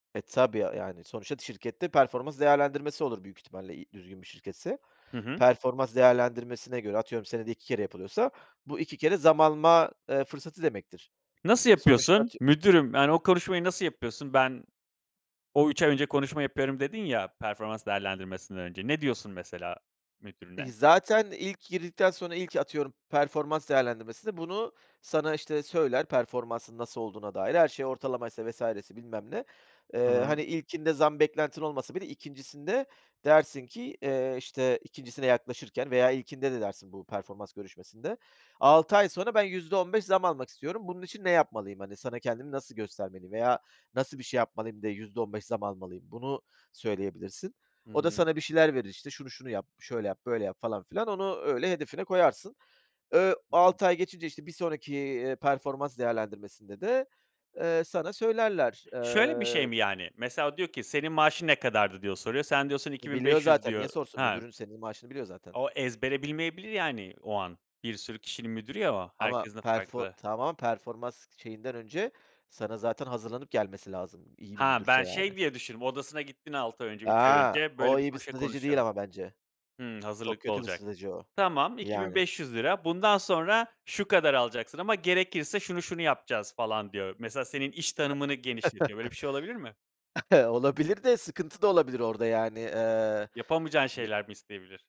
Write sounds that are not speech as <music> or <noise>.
E, tabii a yani sonuçta şirkette performans değerlendirmesi olur büyük ihtimalle, i düzgün bir şirketse. Hı hı. Performans değerlendirmesine göre atıyorum, senede 2 kere yapılıyorsa bu 2 kere zam alma, eee, fırsatı demektir. Nasıl Sonuçta yapıyorsun? atıy "Müdürüm" Yani, o konuşmayı nasıl yapıyorsun? Ben, o, 3 ay önce konuşma yapıyorum dedin ya, performans değerlendirmesinden önce. Ne diyorsun mesela İii, müdürüne? zaten ilk girdikten sonra, ilk, atıyorum performans değerlendirmesinde, bunu sana, işte, söyler, performansın nasıl olduğuna dair, her şey ortalamaysa vs. ise bilmem ne. Hı Eee, hı. hani, ilkinde zam beklentin olmasa bile 2.'sinde dersin ki, eee, işte 2.'sine yaklaşırken veya ilkinde de dersin bu performans görüşmesinde. 6 ay sonra, ben %15 zam almak istiyorum. Bunun için ne yapmalıyım? Hani, sana kendimi nasıl göstermeliyim veya nasıl bir şey yapmalıyım de %15 zam almalıyım? Bunu söyleyebilirsin. Hı O da hı. sana bir şeyler verir işte. Şunu şunu yap, şöyle yap, böyle yap falan filan. Onu öyle hedefine koyarsın. Iıı, Hı hı. 6 ay geçince işte bir sonraki, eee, performans değerlendirmesinde de, eee, sana söylerler. Şöyle bir şey Eee mi, yani? Mesela, o diyor ki, "Senin maaşın ne kadardı?" diye soruyor. Sen diyorsun, "iki bin Biliyor beş yüz" zaten, niye diyor sorsun? Ha. Müdürün, senin maaşını biliyor zaten. O ezbere bilmeyebilir yani o an, bir sürü kişinin müdürü ya o, Ama herkesin de perfor farklı. tamam, performans şeyinden önce, sana zaten hazırlanıp gelmesi lazım. İyi bir Ha, müdürse ben yani. şey diye düşündüm, odasına gittin 6 ay önce, 3 ay A! önce böyle O bir iyi bir <unintelligible> strateji değil konuşalım. ama bence. Hımm, Çok hazırlıklı kötü bir olacak. strateji o, "Tamam iki bin yani. beş yüz lira bundan sonra şu kadar alacaksın ama gerekirse şunu şunu yapacağız." falan diyor. Mesela, senin iş tanımını genişletiyor, böyle <chuckles> bir şey olabilir mi? <chuckles> Olabilir de, sıkıntı da olabilir orada yani. Eee, Yapamayacağın ne şeyler mi isteyebilir?